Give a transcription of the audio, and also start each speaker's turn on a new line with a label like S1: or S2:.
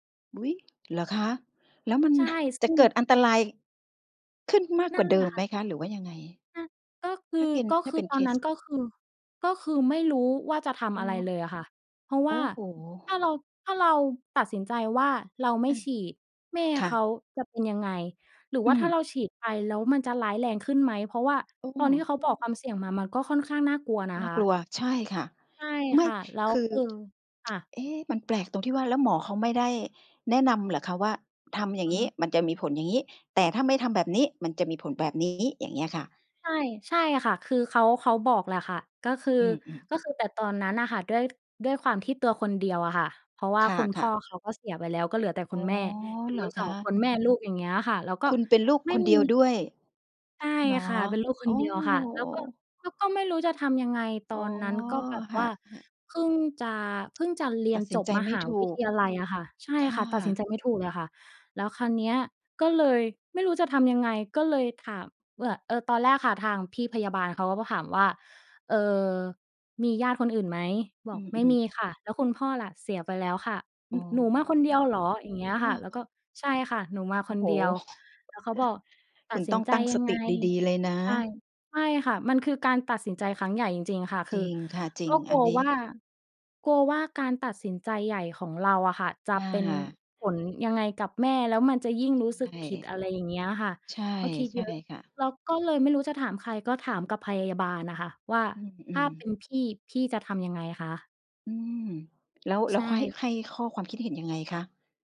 S1: อุ๊ย! เหรอคะ? แล้วมัน
S2: ใช่
S1: จ
S2: ซ
S1: ะ
S2: ึ่
S1: เก
S2: ง
S1: ิดอันตราย ขึ้นมาก
S2: น
S1: ก
S2: ั
S1: ว
S2: ่
S1: ่า
S2: น
S1: เ
S2: แ
S1: ด
S2: หล
S1: ิ
S2: ะ
S1: ม
S2: ค
S1: ไห
S2: ่
S1: ม
S2: ะ
S1: คะ? หรือว่ายังไง
S2: อะ ก็คื
S1: ถ้า
S2: อ
S1: กิน
S2: ก็
S1: ถ้า
S2: ค
S1: เ
S2: ื
S1: ป
S2: อ
S1: ็น
S2: ต
S1: เค
S2: อนน
S1: ส
S2: ั้น ก็คือ ก็คือไม่รู้ว่าจะท
S1: โอ
S2: ำ
S1: ้
S2: อะไรเลยอะค่ะ เพราะ
S1: โ
S2: ว
S1: อ
S2: ่
S1: ้
S2: า
S1: โฮ
S2: ถ้าเรา ถ้าเราตัดสินใจว่า เราไม
S1: อ
S2: ่
S1: ะ
S2: ฉีด แม่
S1: ค่
S2: เข
S1: ะ
S2: าจะเป็นยังไง หรือ
S1: อ
S2: ว
S1: ื
S2: ่าถ้า
S1: ม
S2: เราฉีดไปแล้ว มันจะร้ายแรงขึ้นไหม? เพราะว่า
S1: อ้อ
S2: ตอนที่เข
S1: โ
S2: า
S1: อ้
S2: บอกความเสี่ยงมา มันก็ค่อนข้างน่ากลัวนะ
S1: น่
S2: ค
S1: าก
S2: ะ
S1: ลัว ใช่ค่ะ
S2: ใช่
S1: ไม่
S2: ค่ะ แล้
S1: ค
S2: ว
S1: ือ
S2: คือ ค่ะ
S1: เอ๊ะ มันแปลกตรงที่ว่า แล้วหมอเขาไม่ได้แนะนำเหรอคะ? ว่า ทำอย่า
S2: อ
S1: ง
S2: ือ
S1: ง
S2: ฮ
S1: ี้
S2: ึ
S1: มันจะมีผลอย่างงี้ แต่ถ้าไม่ทำแบบนี้ มันจะมีผลแบบนี้ อย่างเงี้ยค่ะ
S2: ใช่ ใช่ค่ะ คือเขา เขาบอกแหละค่ะ ก็คือ
S1: อือ ๆ
S2: ก็คือ แต่ตอนนั้นน่ะค่ะ ด้วย ด้วยความที่ตัวคนเดียวอะค่ะ เพราะว่า
S1: ค
S2: คุณพ
S1: ่
S2: ่
S1: ะ
S2: อ
S1: ๆ
S2: เขาก็เสียไปแล้ว ก็เหลือแต่
S1: อ
S2: คุ
S1: ๋อ
S2: ณแม่ อยู่
S1: เหร
S2: ก
S1: อ
S2: ัน ส
S1: ค
S2: อ
S1: ะ?
S2: ง คนแม่ลูก อย่างเงี้ยค่ะ แล้วก็
S1: คุณเป็นลูก
S2: ไม่
S1: คน
S2: ม
S1: เด
S2: ี
S1: ียวด้วย
S2: ใช่
S1: เหรอ?
S2: ค่ะ เป็นลูกค
S1: โอ
S2: น
S1: ้
S2: เดียวค่ะ แล้วก็ แล้วก็ไม่รู้จะทำยังไง ต
S1: อ
S2: อ
S1: ๋อ
S2: นนั้น ก็แบบ
S1: ค
S2: ว
S1: ่
S2: ่
S1: ะ
S2: า
S1: ๆ
S2: เพิ่งจะ เพิ่งจะเรีย
S1: ต
S2: น
S1: ัดส
S2: จ
S1: ิน
S2: บ
S1: ใจ
S2: ม
S1: ไม
S2: ห
S1: ่
S2: า
S1: ถ
S2: ว
S1: ู
S2: ิท
S1: ก
S2: ยาลัยอะค่ะ ใช่
S1: ค
S2: ค
S1: ่
S2: ่
S1: ะ
S2: ะ ตัดสินใจไม่ถูกเลยค่ะ แล้วคราวเนี้ย ก็เลยไม่รู้จะทำยังไง ก็เลยถามว่ะ เออ ตอนแรกค่ะ ทางพี่พยาบาลเขาก็มาถามว่า "เออ มีญาติคนอื่นไหม?" บ
S1: อื
S2: อก "ไม่
S1: อ
S2: มี
S1: ๆ
S2: ค่ะ" "แล้วคุณพ่อล่ะ?" "เสียไปแล้วค่ะ"
S1: อ๋
S2: "น
S1: อ
S2: หนูมาคนเดียวเหรอ?" อย่างเงี้ย
S1: เอ
S2: ค่ะ เราก็
S1: อ
S2: "ใช่ค่ะ หนูมา
S1: โอ
S2: ค
S1: ้
S2: น
S1: โฮ
S2: เดียว" แล้วเขาบอก "ต
S1: ค
S2: ั
S1: ุ
S2: ด
S1: ณ
S2: สิ
S1: ต้
S2: น
S1: อง
S2: ใจ
S1: ตั้ง
S2: ยั
S1: ส
S2: งไ
S1: ต
S2: ง?"
S1: ิดี ๆ เลยนะ
S2: ใช่ ใช่ค่ะ มันคือการตัดสินใจครั้งใหญ่จริง ๆ ค่ะ ค
S1: จ
S2: ื
S1: ร
S2: อ
S1: ิงค่ะ จริ
S2: ก็
S1: ง
S2: ก
S1: อ
S2: ล
S1: ั
S2: ั
S1: น
S2: ว
S1: นี้
S2: ว่า กลัวว่าการตัดสินใจใหญ่ของเราอะค่ะ จ
S1: ค
S2: ะเป็น
S1: ่ะ
S2: ผลยังไงกับแม่ แล้วมันจะยิ่งรู้สึ
S1: ใช
S2: ก
S1: ่
S2: ผิด อะไรอย่างเงี้ยค่ะ
S1: ใช่
S2: ก็คิด
S1: ใช
S2: เย
S1: ่
S2: อะ
S1: ค่ะ
S2: เราก็เลยไม่รู้จะถามใคร ก็ถามกับพยาบาลน่ะค่ะว่า
S1: อ
S2: "ถ
S1: ื
S2: ้า
S1: อ
S2: เป
S1: ๆ
S2: ็นพี่ พี่จะทำยังไงคะ?"
S1: อืม แล้ว แล
S2: ใ
S1: ้
S2: ช
S1: วเขาให้
S2: ่
S1: ให้ข้อ ความคิดเห็นยังไงคะ?